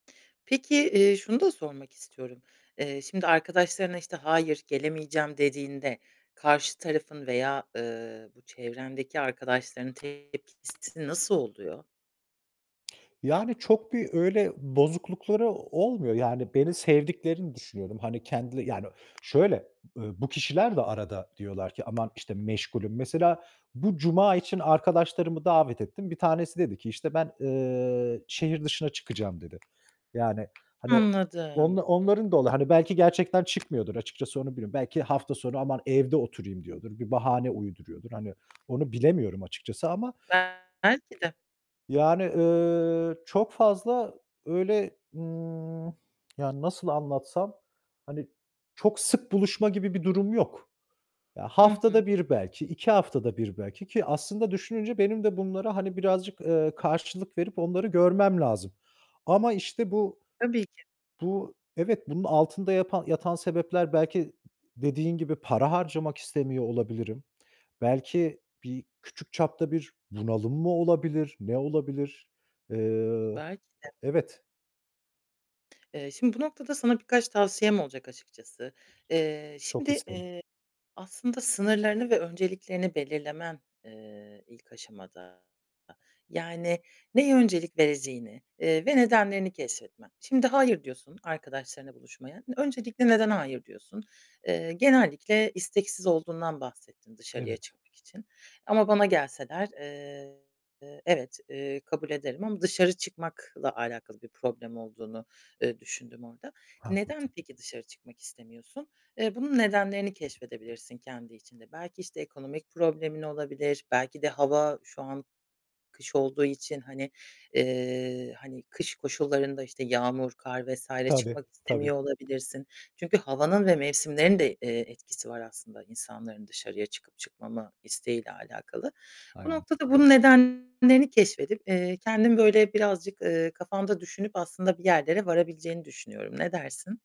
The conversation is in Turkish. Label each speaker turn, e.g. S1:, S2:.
S1: Peki, eee şunu da sormak istiyorum. Eee, şimdi arkadaşlarına, işte, hayır gelemeyeceğim dediğinde karşı tarafın veya, eee, bu çevrendeki arkadaşlarının tepkisi nasıl oluyor?
S2: Yani, çok bir öyle bozuklukları olmuyor. Yani, beni sevdiklerini düşünüyorum. Hani kendil yani, şöyle, ııı, bu kişiler de arada diyorlar ki aman işte meşgulüm. Mesela bu cuma için arkadaşlarımı davet ettim, 1 tanesi dedi ki, işte ben, ııı, şehir dışına çıkacağım dedi. Yani, hani
S1: Anladım.
S2: onla onların da olur, hani belki gerçekten çıkmıyordur açıkçası onu biliyorum. Belki hafta sonu aman evde oturayım diyordur, bir bahane uyduruyordur. Hani, onu bilemiyorum açıkçası ama.
S1: Belki de.
S2: Yani, ııı, çok fazla öyle, ımm, yani, nasıl anlatsam, hani çok sık buluşma gibi bir durum yok. Ya,
S1: Hı hı.
S2: haftada 1 belki, 2 haftada 1 belki ki aslında düşününce benim de bunlara, hani birazcık, eee, karşılık verip onları görmem lazım ama işte bu
S1: Tabii ki.
S2: bu, evet, bunun altında yapan yatan sebepler belki dediğin gibi para harcamak istemiyor olabilirim. Belki bir küçük çapta bir bunalım mı olabilir? Ne olabilir? Eee,
S1: Belki de.
S2: evet.
S1: Eee, şimdi bu noktada sana birkaç tavsiyem olacak açıkçası. Eee,
S2: Çok
S1: şimdi,
S2: isterim.
S1: eee, aslında sınırlarını ve önceliklerini belirlemen, eee, ilk aşamada yani, neye öncelik vereceğini, eee, ve nedenlerini keşfetmen. Şimdi hayır diyorsun arkadaşlarınla buluşmaya. İ öncelikle neden hayır diyorsun? Eee, genellikle isteksiz olduğundan bahsettin dışarıya
S2: Evet.
S1: çıkmak için ama bana gelseler, eee, eee, evet, eee, kabul ederim ama dışarı çıkmakla alakalı bir problem olduğunu, eee, düşündüm orada. Neden
S2: Haklısın.
S1: peki dışarı çıkmak istemiyorsun? Eee, bunun nedenlerini keşfedebilirsin kendi içinde. Belki işte ekonomik problemin olabilir. Belki de hava şu an kış olduğu için, hani, eee, hani kış koşullarında, işte yağmur, kar vs.
S2: Tabii,
S1: çıkmak
S2: tabii.
S1: istemiyor olabilirsin. Çünkü havanın ve mevsimlerin de, eee, etkisi var aslında insanların dışarıya çıkıp çıkmama isteğiyle alakalı. Bu
S2: Aynen.
S1: noktada bunun nedenlerini keşfedip, eee, kendim böyle birazcık, eee, kafanda düşünüp aslında bir yerlere varabileceğini düşünüyorum. Ne dersin?